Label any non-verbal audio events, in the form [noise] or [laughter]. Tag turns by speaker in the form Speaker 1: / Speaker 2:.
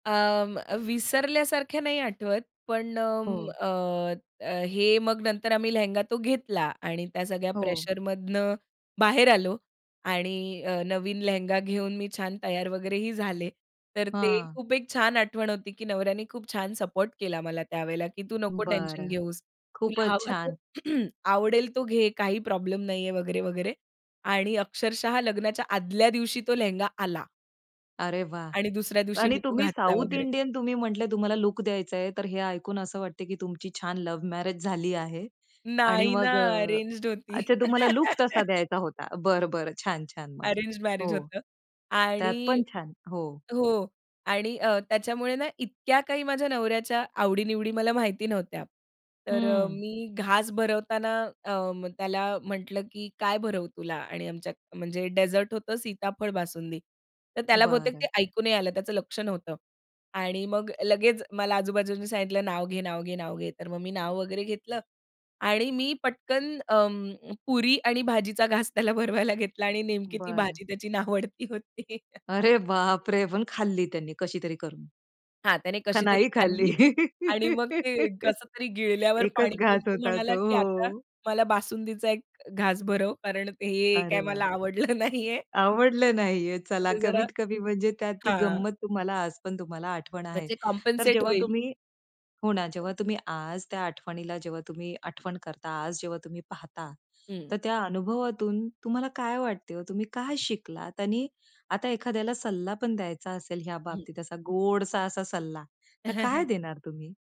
Speaker 1: अं, अ, विसरल्यासारखे नाही आठवत. पण अं,
Speaker 2: हो.
Speaker 1: अ, अ, हे मग नंतर आम्ही लेहेंगा तो घेतला आणि त्या सगळ्या
Speaker 2: हो.
Speaker 1: प्रेशरमधनं बाहेर आलो आणि अ, नवीन लेहेंगा घेऊन मी छान तयार वगैरेही झाले. तर ते
Speaker 2: हां.
Speaker 1: खूप एक छान आठवण होती, की नवऱ्याने खूप छान सपोर्ट केला मला त्यावेळेला की "तू नको टेन्शन
Speaker 2: बरं.
Speaker 1: घेऊस. तुला
Speaker 2: खूपच
Speaker 1: हवा तो,
Speaker 2: छान!
Speaker 1: [clears throat] आवडेल तो घे. काही प्रॉब्लेम नाही आहे," वगैरे वगैरे. आणि अक्षरशः लग्नाच्या आदल्या दिवशी तो लेहेंगा आला
Speaker 2: अरे वाह!
Speaker 1: आणि दुसऱ्या दिवशी
Speaker 2: आणि
Speaker 1: मी तो
Speaker 2: तुम्ही
Speaker 1: घातला
Speaker 2: साउथ
Speaker 1: वगैरे.
Speaker 2: इंडियन तुम्ही म्हटले, तुम्हाला लूक द्यायचाय, तर हे ऐकून असं वाटत, की तुमची छान लव्ह मॅरेज झाली आहे. आणि
Speaker 1: नाही ना,
Speaker 2: मग अ
Speaker 1: अरेंज्ड होती.
Speaker 2: अच्छा तुम्हाला लूक तसा
Speaker 1: [laughs]
Speaker 2: द्यायचा होता? बरं, बरं, छान, छान! मग.
Speaker 1: अरेंज्ड मॅरेज
Speaker 2: हो.
Speaker 1: होतं.
Speaker 2: त्यात
Speaker 1: आणि
Speaker 2: पण छान. हो.
Speaker 1: हो. आणि अ, त्याच्यामुळे ना, इतक्या काही माझ्या नवऱ्याच्या आवडी-निवडी मला माहिती नव्हत्या. तर अ,
Speaker 2: हम्म.
Speaker 1: मी घास भरवताना अं, त्याला म्हटलं, की काय भरवू तुला आणि आमच्यात म्हणजे डेझर्ट होतं सीताफळ बासुंदी. तर त्याला बहुतेक ते
Speaker 2: बरं.
Speaker 1: ऐकू नाही आलं, त्याचं लक्ष नव्हतं. आणि मग लगेच मला आजूबाजूनी सांगितलं नाव घे, नाव घे, नाव घे. तर मग मी नाव वगैरे घेतलं. आणि मी पटकन अं, पुरी आणि भाजीचा घास त्याला भरवायला घेतला आणि नेमकी ती
Speaker 2: बरं.
Speaker 1: भाजी त्याची नावडती होती. [chuckles]
Speaker 2: अरे बापरे! पण खाल्ली त्यांनी कशीतरी करून.
Speaker 1: हां, त्याने
Speaker 2: का
Speaker 1: कशीतरी
Speaker 2: नाही
Speaker 1: खाल्ली
Speaker 2: खाल्ली?
Speaker 1: आणि मग ते
Speaker 2: [laughs]
Speaker 1: कसं तरी गिळल्यावर
Speaker 2: एकच
Speaker 1: पाणी पिऊन
Speaker 2: घास
Speaker 1: तो
Speaker 2: होता तो.
Speaker 1: म्हणाला, की आता
Speaker 2: हो.
Speaker 1: मला बासुंदीचा एक घास भरव, कारण ते हे
Speaker 2: अरे
Speaker 1: काय मला
Speaker 2: वाह!
Speaker 1: आवडलं नाहीये.
Speaker 2: आवडलं नाही आहे.
Speaker 1: हां,
Speaker 2: चला,
Speaker 1: ते जरा
Speaker 2: कमीत कमी म्हणजे त्यात ती
Speaker 1: हां.
Speaker 2: गंमत तुम्हाला आज पण तुम्हाला आठवण आहे.
Speaker 1: म्हणजे
Speaker 2: तर
Speaker 1: कॉम्पेन्सेट
Speaker 2: जेव्हा
Speaker 1: होईल.
Speaker 2: तुम्ही हो ना. जेव्हा तुम्ही आज त्या आठवणीला जेव्हा तुम्ही आठवण करता, आज जेव्हा तुम्ही पाहता,
Speaker 1: हं.
Speaker 2: तर त्या अनुभवातून तुम्हाला काय वाटते हो? तुम्ही काय शिकलात? आणि आता एखाद्याला सल्ला पण द्यायचा असेल ह्या
Speaker 1: हं.
Speaker 2: बाबतीत असा, गोडसा असा सल्ला, तर काय
Speaker 1: [chuckles]
Speaker 2: देणार तुम्ही?